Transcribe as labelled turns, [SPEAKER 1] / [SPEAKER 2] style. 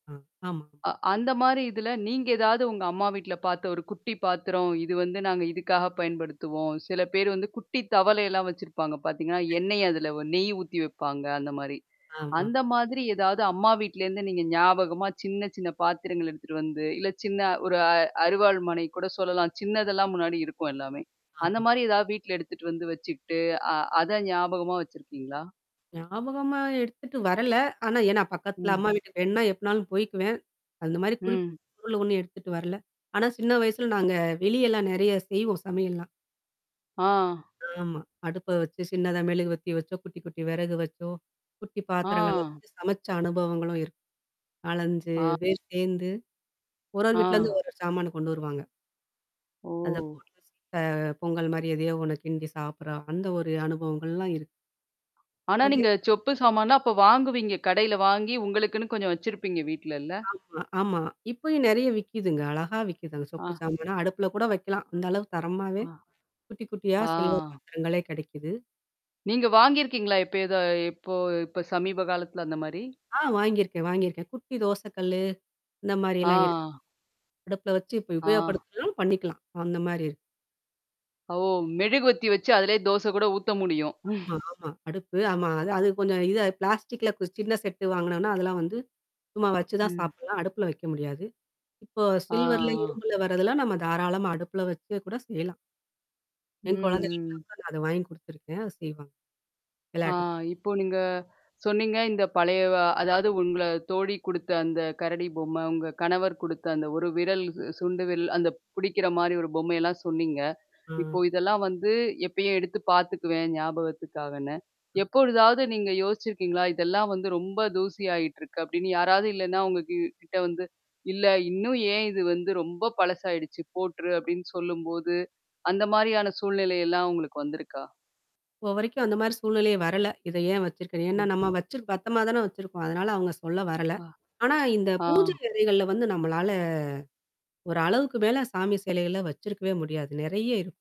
[SPEAKER 1] ஆ. ஆமா.
[SPEAKER 2] அ அந்த மாரி இதுல நீங்க ஏதாவது உங்க அம்மா வீட்ல பார்த்த ஒரு குட்டி பாத்திரம், இது வந்து நாங்க இதுக்காக பயன்படுத்துவோம். சில பேர் வந்து குட்டி தவளைல்லாம் வச்சிருப்பாங்க பார்த்தீங்கன்னா,
[SPEAKER 1] கண்டிப்பா,
[SPEAKER 2] எண்ணெய் அதுல
[SPEAKER 1] கண்டிப்
[SPEAKER 2] நெய் ஊத்தி வைப்பாங்க அந்த மாரி.
[SPEAKER 1] ஆமா.
[SPEAKER 2] அந்த மாதிரி ஏதாவது அம்மா வீட்லருந்து நீங்க ஞாபகமா சின்ன சின்ன பாத்திரங்கள் எடுத்துட்டு வந்து, இல்ல சின்ன ஒரு அ அறுவாள் மனை கூட சொல்லலாம். சின்னதெல்லாம் முன்னாடி இருக்கும் எல்லாமே. அந்த
[SPEAKER 1] ஆமா.
[SPEAKER 2] மாரி ஏதாவது வீட்ல எடுத்துட்டு வந்து வச்சுட்டு அ அத ஞாபகமா வச்சிருக்கீங்களா?
[SPEAKER 1] ஞாபகமா எடுத்துட்டு வரல. ஆனா ஏன்னா பக்கத்துல
[SPEAKER 2] ம்.
[SPEAKER 1] அம்மா வீட்டு வேன்னா எப்பனாலும் போய்க்கவேன். அந்த மாரி குறிப்பா
[SPEAKER 2] ம்.
[SPEAKER 1] சொல்ல ஒண்ணும் எடுத்துட்டு வரல. ஆனா சின்ன வயசுல நாங்க வெளியெல்லாம் நறைய செய்வோம் சமையல்லாம்.
[SPEAKER 2] ஆ.
[SPEAKER 1] ஆமா. அடுப்ப வச்சோ, சின்னதா மெழுகு வத்தி வச்சோ, குட்டி, குட்டி வெறகு வச்சோ. குட்டி பாத்திரங்கள்ல
[SPEAKER 2] ஆ.
[SPEAKER 1] வந்து சமைச்ச அனுபவங்களும் இருக்கு. 4,5
[SPEAKER 2] ஆ.
[SPEAKER 1] பேர் சேர்ந்து. ஒரு ஒரு
[SPEAKER 2] ஆ.
[SPEAKER 1] வீட்லேருந்து ஒரு சாமான கொண்டு வருவாங்க. அதப்
[SPEAKER 2] ஓ!
[SPEAKER 1] போட்டு சீக்க பொங்கல் மாரி எதயோ உனக் கிண்டி சாப்படுறா. அந்த ஒரு அனுபவங்கள்லாம் இருக்கு.
[SPEAKER 2] ஆனா,
[SPEAKER 1] அதே
[SPEAKER 2] நீங்க சொப்பு சாமான்னா அப்போ வாங்குவீங்க. கடையில வாங்கி உங்களுக்குன்னு கொஞ்சம் வச்சிருப்பீங்க வீட்லல்ல?
[SPEAKER 1] ஆமா, ஆமா. இப்பயும் நெறைய விக்குதுங்க. அழகா விக்குதுங்க. சொப்பு
[SPEAKER 2] ஆ.
[SPEAKER 1] சாமானா அடுப்புல கூட வைக்கலாம். அந்த அளவு
[SPEAKER 2] அ.
[SPEAKER 1] தரமாவே. குட்டி குட்டியா!
[SPEAKER 2] ஆ.
[SPEAKER 1] சில்வர் பாத்திரங்களே கெடைக்குது.
[SPEAKER 2] நீங்க வாங்கியிருக்கீங்களா? எப்ப ஏதோ எப்போ இப்ப சமீப காலத்துல அந்த மாரி?
[SPEAKER 1] ஆ வாங்கியிருக்கேன். வாங்கியிருக்கேன். குட்டி தோசை கல்லு. அந்த மாரல்லாம் இருக்கு.
[SPEAKER 2] ஆ.
[SPEAKER 1] அடுப்புல வச்சு இப்ப
[SPEAKER 2] ஆ.
[SPEAKER 1] உபயோகப்படுத்தாம் பண்ணிக்கலாம். அந்த மாரி இருக்கு.
[SPEAKER 2] ஓ! மெழுகு வத்தி வச்சு அதிலேயே தோசை கூட ஊத்த முடியும்.
[SPEAKER 1] ஆமா, ஆமா, அடுப்பு. ஆமா அது அது கொஞ்சம் இத பிளாஸ்டிக்ல கு சின்ன செட்டு வாங்கனோனா, அதெல்லாம் வந்து சும்மா வச்சு தான்
[SPEAKER 2] ம்.
[SPEAKER 1] சாப்பிடலாம். அடுப்புல வைக்க முடியாது. இப்போ
[SPEAKER 2] ஆ.
[SPEAKER 1] சில்வர்ல,
[SPEAKER 2] ஆ.
[SPEAKER 1] இரும்புல வரதெல்ல நம்ம தாராளமா அடுப்புல வச்சு கூட செய்யலாம்.
[SPEAKER 2] ம்,
[SPEAKER 1] என் குழந்தைகளுக்குல
[SPEAKER 2] ம்.
[SPEAKER 1] நான் கூட அத வாங்கி குடுத்துருக்கேன். அத செய்வாங்க.
[SPEAKER 2] ஆ
[SPEAKER 1] வெளாட்டுக்கு.
[SPEAKER 2] இப்போ நீங்க சொன்னீங்க. இந்த பழையவ அதாவது உங்கள தோழ குடுத்த அந்த கரடி பொம்மை உங்க கணவர் குடுத்த அந்த ஒரு விரல், சுண்டு விரல் அந்த புடிக்கிற மாரி ஒரு பொம்மையெல்லாம் சொன்னீங்க. இப்போ
[SPEAKER 1] ஆ.
[SPEAKER 2] இதெல்லாம் வந்து எப்பயும் எடுத்து பார்த்துக்குவேன் ஞாபகத்துக்காகன்னு?
[SPEAKER 1] ம்.
[SPEAKER 2] எப்பொழுதாவது நீங்க யோசிச்சிருக்கீங்களா? இதெல்லாம் வந்து ரொம்ப தூசியாயிட்டுருக்கு அப்ப்டின்னு யாராவது இல்லன்னா உங்க கி கிட்ட வந்து இல்ல. இன்னும் ஏன் இது வந்து ரொம்ப பழசாயிடுச்சு போட்ரு அப்படின்னு சொல்லும்போது அந்த மாரியான சூழ்நிலை எல்லாம் உங்களுக்கு வந்திருக்கா?
[SPEAKER 1] இப்போ வரைக்கும் அந்த மாரி சூழ்நிலையை வரல. இத ஏன் வச்சிருக்கேன். ஏன்னா
[SPEAKER 2] ம்.
[SPEAKER 1] நம்ம வச்சிரு பத்தரமா தான வச்சிருக்கோம். அதனால அவங்க சொல்ல வரல.
[SPEAKER 2] ஆ.
[SPEAKER 1] ஆனா இந்த பூஜை
[SPEAKER 2] ஆ.
[SPEAKER 1] அறைகள்ல வந்து நம்மளால ஒரு அளவுக்கு மேல சாமி செலைகள்ல வச்சிருக்கவே முடியாது. நெறைய இருக்கும்.